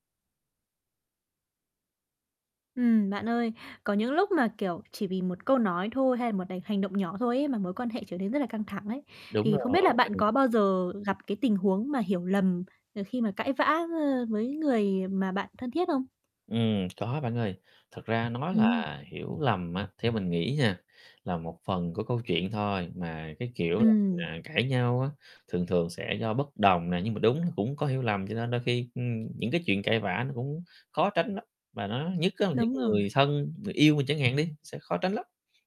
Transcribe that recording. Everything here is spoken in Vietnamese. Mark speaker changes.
Speaker 1: Ừm, bạn ơi, có những lúc mà, kiểu, chỉ vì một câu nói thôi hay là một đành hành động nhỏ thôi ấy mà mối quan hệ trở nên rất là căng thẳng ấy.
Speaker 2: Đúng
Speaker 1: Thì không biết
Speaker 2: rồi
Speaker 1: là bạn có
Speaker 2: [unintelligible]
Speaker 1: bao giờ gặp cái tình huống mà hiểu lầm, ờ, khi mà cãi vã, ơ, với người mà bạn thân thiết không?
Speaker 2: Ừm, có bạn ơi. Thật ra nói là
Speaker 1: Ừm.
Speaker 2: hiểu lầm á, theo mình nghĩ nha, là một phần của câu chuyện thôi, mà cái, kiểu là, [unintelligible]
Speaker 1: Ừm.
Speaker 2: à, cãi nhau á, thường thường sẽ do bất đồng nè, nhưng mà đúng nó cũng có hiểu lầm, cho nên đôi khi, ưm, những cái chuyện cãi vã nó cũng khó tránh lắm, và nó nhất á là những
Speaker 1: Đúng rồi.
Speaker 2: người thân, người yêu mình chẳng hạn đi, sẽ khó tránh lắm.